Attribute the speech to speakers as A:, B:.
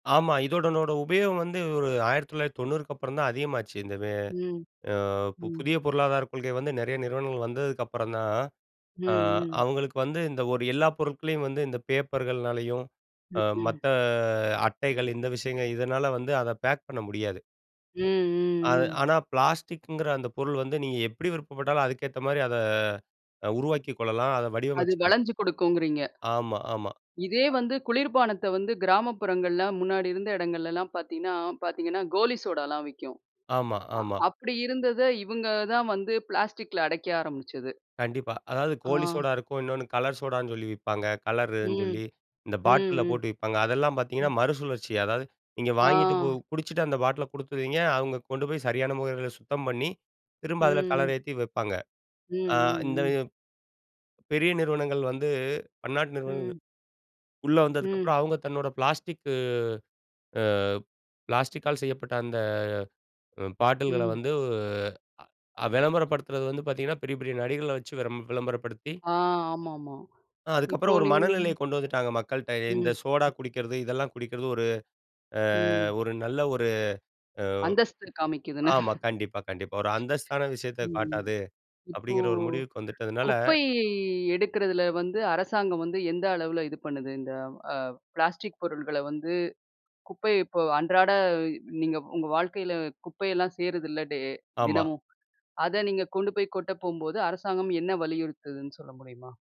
A: ஆமா. இதனோட உபயோகம் வந்து, ஒரு 1990க்கு அப்பறம்தான் அதிகமாச்சு. இந்த வே
B: ம்,
A: அ
B: ம்.
A: புதிய பொருளாதாரக் கொள்கை வந்து, நறைய நிறுவனங்கள் வந்ததுக்கப்றம்தான்.
B: ம்,
A: அ
B: ம்.
A: அவங்களுக்கு வந்து இந்த ஒரு எல்லா பொருட்களையும் வந்து, இந்த பேப்பர்கள்னாலயும், அ
B: ம்.
A: மத்த அட்டைகள் இந்த விஷயங்கள் இதனால வந்து, அத பேக் பண்ண முடியாது.
B: ம்,
A: அத
B: ம், ம்.
A: ஆனா பிளாஸ்டிக்ங்கிற அந்த பொருள் வந்து, நீங்க எப்டி விருப்பப்பட்டாலும், அதுக்கேத்த மாரி அத அ உருவாக்கிக் கொள்ளலாம், அத
B: அது
A: வடிவமைச்சுக்கலாம்.
B: வளஞ்சு குடுக்கும்குறீங்க.
A: ஆமா, ஆமா.
B: இதே
A: அ.
B: வந்து குளிர்பானத்த வந்து, கிராமப்புறங்கள்ல முன்னாடி இருந்த இடங்கள்லல்லாம் பாத்தீங்கன்னா பாத்தீங்கன்னா, கோலி சோடால்லாம் விக்கும்.
A: ஆமா,
B: அ
A: ஆமா.
B: அப்டி இருந்தத இவங்கதான் வந்து பிளாஸ்டிக்ல அடைக்க ஆரம்பிச்சது.
A: கண்டிப்பா. அதாவது கோலி
B: ஆ.
A: சோடா இருக்கும், இன்னொன்னு கலர் சோடான்னு சொல்லி விப்பாங்க, கலருன்னு
B: ம்.
A: சொல்லி. இந்த பாட்டில்ல
B: ம்,
A: போட்டு விப்பாங்க. அதெல்லாம் பாத்தீங்கன்னா
B: ம்.
A: மறுசுழற்சி. அதாவது, நீங்க
B: ஆ.
A: வாங்கிட்டு போ குடிச்சிட்டு அந்த பாட்டில குடுத்துருவீங்க. அவங்க கொண்டு போய் சரியான முறைல சுத்தம் பண்ணி, திரும்ப அதுல
B: ம்.
A: கலர் ஏத்தி வைப்பாங்க.
B: ம்,
A: அ
B: ம்,
A: இந்த
B: ம்.
A: பெரிய நிறுவனங்கள் வந்து, பன்னாட்டு நிறுவனங்கள்,
B: ம்.
A: உள்ள
B: ம்.
A: வந்ததுக்கப்புறம், அவங்க தன்னோட பிளாஸ்டிக்கு அ பிளாஸ்டிக்கால் செய்யப்பட்ட அந்த அ பாட்டில்கள
B: ம்.
A: வந்து, அ வெளம்பரப்படுத்துறது வந்து பாத்தீங்கன்னா, பெரிய பெரிய நடிகர்கள வச்சு வெறம் வெளம்பரப்படுத்தி
B: ஆ ஆமாமா.
A: அ
B: இப்போ
A: அதுக்கப்புறம் ஒரு
B: நீங்
A: மனநிலையக் கொண்டு வந்துட்டாங்க மக்கள்ட்ட. இந்த
B: ம்.
A: சோடா குடிக்கிறது இதெல்லாம் குடிக்கிறது ஒரு அ
B: ம்.
A: ஒரு நல்ல ஒரு
B: அந்தஸ்து
A: அ
B: காமிக்குதுன்னு.
A: ஆமா. கண்டிப்பா கண்டிப்பா. ஒரு அந்தஸ்தான விஷயத்த
B: ம்.
A: காட்டாது,
B: இப்போ,
A: அப்டிங்கிற ஒரு முடிவுக்கு வந்துட்டதுனால
B: குப்பை எடுக்கிறதுல வந்து அரசாங்கம் வந்து, எந்த அளவுல இது பண்ணுது இந்த அ ப்ளாஸ்டிக் பொருள்கள வந்து, குப்பை இப்போ அன்றாட நீங்க உங்க வாழ்க்கைல குப்பையெல்லாம் சேருதுல்ல, டே
A: ஆமா.
B: தினமும்? அத நீங்க கொண்டு போய் கொட்டப் போகும்போது அரசாங்கம் என்ன வலியுறுத்துதுன்னு சொல்ல முடியுமா?